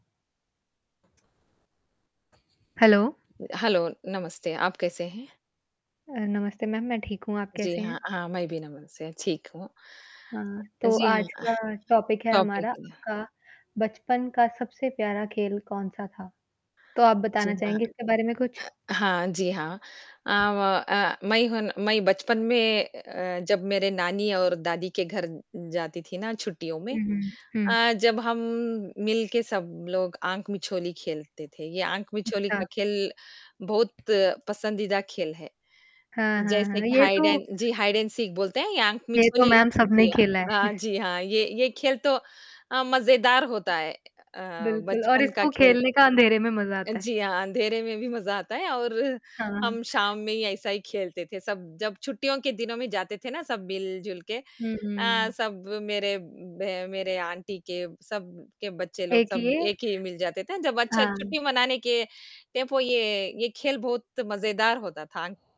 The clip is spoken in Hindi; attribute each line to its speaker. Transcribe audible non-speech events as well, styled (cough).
Speaker 1: हेलो।
Speaker 2: हेलो नमस्ते। आप कैसे हैं?
Speaker 1: अ, नमस्ते मैम। मैं ठीक हूँ, आप
Speaker 2: जी
Speaker 1: कैसे हैं?
Speaker 2: हाँ। हाँ, मैं भी नमस्ते। ठीक हूँ।
Speaker 1: हाँ, तो
Speaker 2: जी
Speaker 1: आज
Speaker 2: हाँ।
Speaker 1: का टॉपिक है
Speaker 2: टॉपिक
Speaker 1: हमारा,
Speaker 2: ह
Speaker 1: आपका बचपन का सबसे प्यारा खेल कौन-सा था, तो आप
Speaker 2: जी
Speaker 1: बताना
Speaker 2: हाँ।
Speaker 1: चाहेंगे इसके बारे में कुछ?
Speaker 2: अ, हाँ। जी हाँ। अ, व अ, मैं हूँ मैं बचपन में अ, जब मेरे नानी और दादी के घर जाती थी ना छुट्टियों में
Speaker 1: हुँ, हुँ। हुँ।
Speaker 2: अ, जब हम मिल के सब लोग आँख मिछोली खेलते थे, ये आँख मिछोली
Speaker 1: अच्छा।
Speaker 2: का खेल बहुत पसंदीदा खेल है,
Speaker 1: हाँ, हाँ,
Speaker 2: जैसे
Speaker 1: हाँ।
Speaker 2: कि
Speaker 1: ये
Speaker 2: हाइड
Speaker 1: तो
Speaker 2: एंड जी, हाइड एंड सीक सीख बोलते हैं या आँख
Speaker 1: ये तो
Speaker 2: मिछोली
Speaker 1: मैम सबने
Speaker 2: जी,
Speaker 1: खेला है।
Speaker 2: अ,
Speaker 1: (chuckles)
Speaker 2: जी हाँ। ये ये खेल तो अ, मज़ेदार होता है अ,
Speaker 1: बिल्कुल और
Speaker 2: बचपन का
Speaker 1: इसको
Speaker 2: खेल।
Speaker 1: खेलने का अँधेरे में मज़ा आता है।
Speaker 2: जी हाँ, अँधेरे में भी मज़ा आता है और
Speaker 1: हाँ, हाँ।
Speaker 2: हम शाम में ही ऐसा ही खेलते थे सब, जब छुट्टियों के दिनों में जाते थे ना सब मिल-जुलके
Speaker 1: हुँ,
Speaker 2: अ,
Speaker 1: हुँ।
Speaker 2: सब मेरे ब मेरे आंटी के, सब के बच्चे लोग,
Speaker 1: एक
Speaker 2: सब
Speaker 1: ये
Speaker 2: एक ही मिल जाते थे जब बच्चे
Speaker 1: हाँ।
Speaker 2: छुट्टी मनाने के टेंपो ये ये खेल बहुत मज़ेदार होता था।